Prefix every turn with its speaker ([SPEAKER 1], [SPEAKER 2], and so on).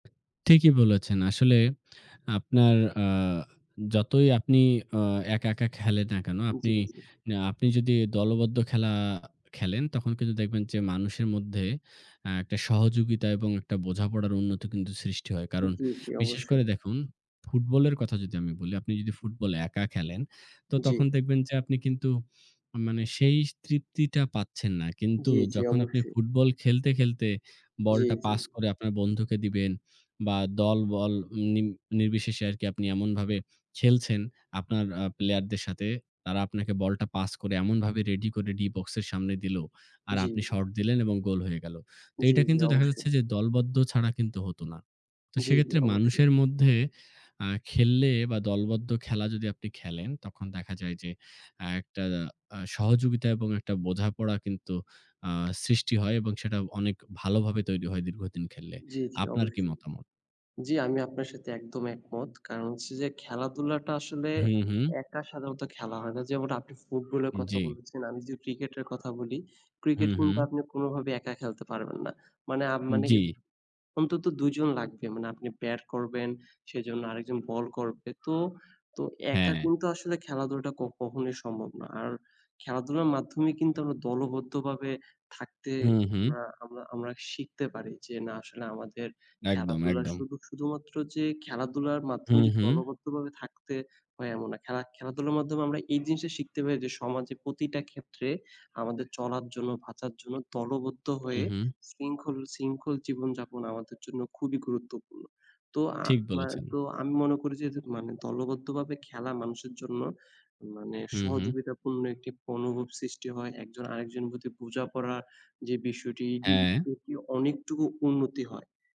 [SPEAKER 1] ঠিকই বলেছেন। আসলে আপনার অ্যা যতই আপনি অ্যা একা, একা খেলেন না কেন,
[SPEAKER 2] জি, জি।
[SPEAKER 1] আপনি যদি দলবদ্ধ খেল, খেলেন, তখন কিন্তু দেখবেন যে মানুষের মধ্যে অ্যা একটা সহযোগিতা এবং একটা বোঝাপড়ার উন্নতি কিন্তু সৃষ্টি হয়। কারণ
[SPEAKER 2] জি, জি
[SPEAKER 1] বিশেষ
[SPEAKER 2] অবশ্যই।
[SPEAKER 1] করে দেখুন, ফুটবলের কথা যদি আমি বলি। আপনি যদি ফুটবল একা খেলেন, তো তখন
[SPEAKER 2] জি।
[SPEAKER 1] দেখবেন যে আপনি কিন্তু মানে সেই তৃপ্তিটা পাচ্ছেন না। কিন্তু
[SPEAKER 2] জি, জি
[SPEAKER 1] যখন আপনি
[SPEAKER 2] অবশ্যই।
[SPEAKER 1] ফুটবল খেলতে, খেলতে
[SPEAKER 2] জি,
[SPEAKER 1] বলটা
[SPEAKER 2] জি।
[SPEAKER 1] পাস করে আপনার বন্ধুকে দিবেন, বা দলবল নিম নির্বিশেষে আরকি আপনি এমনভাবে খেলছেন, আপনার অ্যা player দের সাথে তারা আপনাকে বলটা পাস করে এমনভাবে ready করে D box এর সামনে দিল আর
[SPEAKER 2] জি।
[SPEAKER 1] আপনি shot দিলেন এবং goal হয়ে গেল। তো
[SPEAKER 2] জি,
[SPEAKER 1] এটা
[SPEAKER 2] জি
[SPEAKER 1] কিন্তু দেখা
[SPEAKER 2] অবশ্যই।
[SPEAKER 1] যাচ্ছে যে দলবদ্ধ ছাড়া কিন্তু হত না। তো
[SPEAKER 2] জি, জি
[SPEAKER 1] সেক্ষেত্রে
[SPEAKER 2] অবশ্যই।
[SPEAKER 1] মানুষের মধ্যে অ্যা খেললে বা দলবদ্ধ খেলা যদি আপনি খেলেন, তখন দেখা যায় যে অ্যা একটা আ সহযোগিতা এবং একটা বোঝাপড়া কিন্তু আ সৃষ্টি হয়, এবং সেটা অনেক ভালোভাবে তৈরি হয় দীর্ঘদিন খেললে।
[SPEAKER 2] জি, জি
[SPEAKER 1] আপনার কি
[SPEAKER 2] অবশ্যই।
[SPEAKER 1] মতামত?
[SPEAKER 2] জি, আমি আপনার সাথে একদম একমত। কারণ হচ্ছে যে, খেলাধুলাটা আসলে
[SPEAKER 1] হুম, হুম।
[SPEAKER 2] একা সাধারণত খেলা হয় না। যেমন আপনি ফুটবলের কথা
[SPEAKER 1] জি।
[SPEAKER 2] বলেছেন, আমি যে ক্রিকেটের কথা বলি। ক্রিকেট
[SPEAKER 1] হুম,
[SPEAKER 2] কিন্তু
[SPEAKER 1] হুম।
[SPEAKER 2] আপনি কোনোভাবে একা খেলতে পারবেন না। মানে, আপ মানে
[SPEAKER 1] জি।
[SPEAKER 2] অন্তত দুজন লাগবে। মানে আপনি ব্যাট করবেন, সেজন্য আরেকজন বল করবে। তো, তো একা
[SPEAKER 1] হ্যাঁ।
[SPEAKER 2] কিন্তু আসলে খেলাধুলাটা ক কখনই সম্ভব না। আর খেলাধুলার মাধ্যমে কিন্তু আমরা দলবদ্ধভাবে থাকতে
[SPEAKER 1] হুম, হুম।
[SPEAKER 2] আমরা, আমরা, আমরা শিখতে পারি যে, না আসলে আমাদের
[SPEAKER 1] একদম,
[SPEAKER 2] খেলাধুলার
[SPEAKER 1] একদম।
[SPEAKER 2] সুধু শুধুমাত্র যে খেলাধুলার মাধ্যমে
[SPEAKER 1] হুম,
[SPEAKER 2] যে
[SPEAKER 1] হুম।
[SPEAKER 2] দলবদ্ধভাবে থাকতে হয় এমন না। খেলা খেলাধুলার মাধ্যমে আমরা এই জিনিসটা শিখতে পারি যে, সমাজে প্রতিটা ক্ষেত্রে আমাদের চলার জন্য, বাঁচার জন্য দলবদ্ধ
[SPEAKER 1] হুম,
[SPEAKER 2] হয়ে
[SPEAKER 1] হুম।
[SPEAKER 2] শৃঙ্খল, শৃঙ্খল জীবনযাপন আমাদের জন্য খুবই গুরুত্বপূর্ণ। তো আ
[SPEAKER 1] ঠিক
[SPEAKER 2] আমা
[SPEAKER 1] বলেছেন।
[SPEAKER 2] তো আমি মনে করি যে মানে দলবদ্ধভাবে খেলা মানুষের জন্য মানে
[SPEAKER 1] হুম, হুম।
[SPEAKER 2] সহযোগিতা পূর্ণ একটি অনুভব সৃষ্টি হয়। একজন আরেকজন প্রতি বোঝা পড়া যে বিষয়টি এটি,
[SPEAKER 1] হ্যাঁ।
[SPEAKER 2] এটি অনেকটুকু উন্নতি হয়।